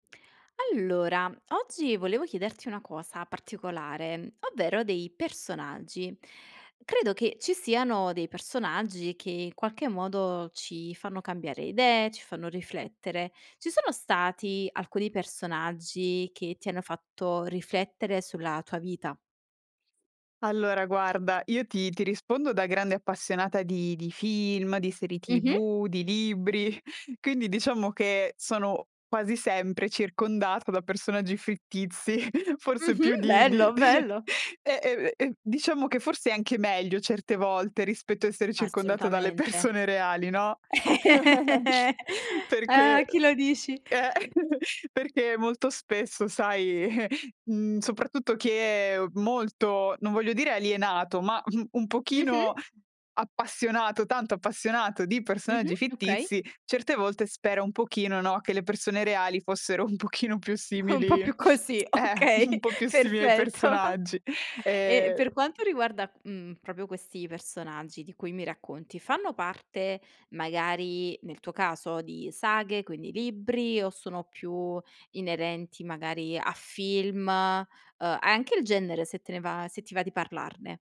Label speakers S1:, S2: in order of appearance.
S1: Allora, oggi volevo chiederti una cosa particolare, ovvero dei personaggi. Credo che ci siano dei personaggi che, in qualche modo, ci fanno cambiare idee, ci fanno riflettere. Ci sono stati alcuni personaggi che ti hanno fatto riflettere sulla tua vita?
S2: Allora guarda, io ti ti rispondo da grande appassionata di di film, di serie
S1: Mh-mh.
S2: tv, di libri. Quindi diciamo che sono quasi sempre circondata da personaggi fittizi, forse più
S1: Mh-mh,
S2: di di
S1: bello,
S2: di
S1: bello.
S2: eh, ehm, ehm, eh, diciamo che forse è anche meglio certe volte rispetto a essere circondata dalle
S1: Assolutamente.
S2: persone reali, no,
S1: Ah,
S2: perché
S1: a chi lo dici.
S2: eh, perché molto spesso sai, mhmm, soprattutto chi è molto non voglio dire alienato, ma un
S1: Mh-mh.
S2: pochino appassionato, tanto appassionato di
S1: Mh-mh,
S2: personaggi
S1: okay.
S2: fittizi, certe volte spera un pochino, no, che le persone reali fossero un pochino più
S1: Un po'
S2: simili
S1: più così,
S2: eh,
S1: okay,
S2: un po' più simili ai
S1: perfetto.
S2: personaggi.
S1: E
S2: E
S1: per quanto riguarda, mhmm, proprio questi personaggi di cui mi racconti, fanno parte, magari nel tuo caso, di saghe, quindi libri, o sono più inerenti magari a film uhm, anche il genere se te ne va se ti va di parlarne.